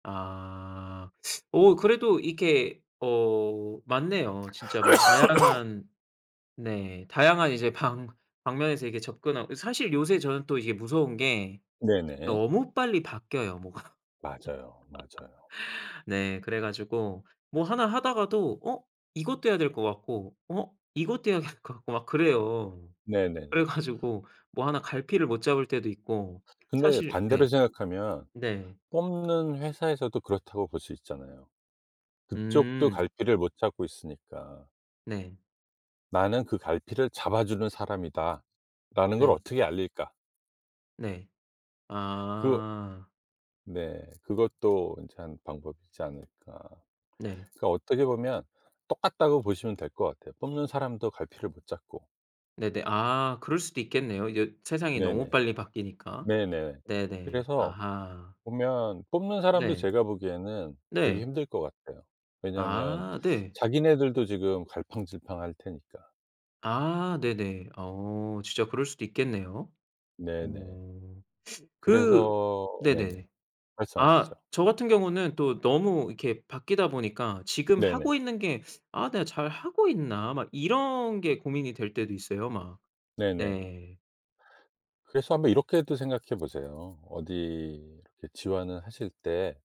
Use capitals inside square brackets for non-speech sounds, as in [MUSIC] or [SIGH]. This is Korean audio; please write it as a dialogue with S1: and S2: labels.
S1: 아. 어 그래도 이렇게 어 맞네요. 진짜 막
S2: [COUGHS]
S1: 다양한 네 다양한 이제 방 방면에서 이렇게 접근하고 이 사실 요새 저는 또 이게 무서운 게
S2: 네네.
S1: 너무 빨리 바뀌어요, 뭐가.
S2: 맞아요, 맞아요.
S1: [LAUGHS] 네. 그래 가지고 뭐 1 하다가도 어 이것도 해야 될 것 같고 어 이것도 해야 될 것 같고 막 그래요.
S2: 네네네.
S1: 그래 가지고 뭐 1 갈피를 못 잡을 때도 있고.
S2: 근데
S1: 사실
S2: 반대로
S1: 네.
S2: 생각하면
S1: 네.
S2: 뽑는 회사에서도 그렇다고 볼 수 있잖아요. 그쪽도
S1: 음.
S2: 갈피를 못 잡고 있으니까.
S1: 네.
S2: '나는 그 갈피를 잡아주는 사람이다.'라는 걸
S1: 네.
S2: 어떻게 알릴까?
S1: 네.
S2: 그
S1: 아.
S2: 네. 그것도 인제 1 방법이지 않을까.
S1: 네.
S2: 그러니까 어떻게 보면 똑같다고 보시면 될 것 같아요, 뽑는 사람도 갈피를 못 잡고.
S1: 네네. 아 그럴 수도 있겠네요, 이제 세상이 너무
S2: 네네.
S1: 빨리 바뀌니까.
S2: 네네.
S1: 네네.
S2: 그래서
S1: 아하.
S2: 보면 뽑는 사람도
S1: 네.
S2: 제가 보기에는 되게
S1: 네.
S2: 힘들 것 같아요. 왜냐하면
S1: 아 네.
S2: 자기네들도 지금 갈팡질팡할 테니까.
S1: 아 네네. 어 진짜 그럴 수도 있겠네요.
S2: 네네.
S1: 오. 그
S2: 그래서 네네.
S1: 네네.
S2: 말씀하시죠.
S1: 아 저 같은 경우는 또 너무 이렇게 바뀌다 보니까 지금
S2: 네네.
S1: 하고 있는 게 [SUCKS TEETH] '아 내가 잘하고 있나.' 막 이런 게 고민이 될 때도 있어요, 막.
S2: 네네.
S1: 네.
S2: 그래서 한번 이렇게도 생각해 보세요. 어디 이렇게 지원을 하실 때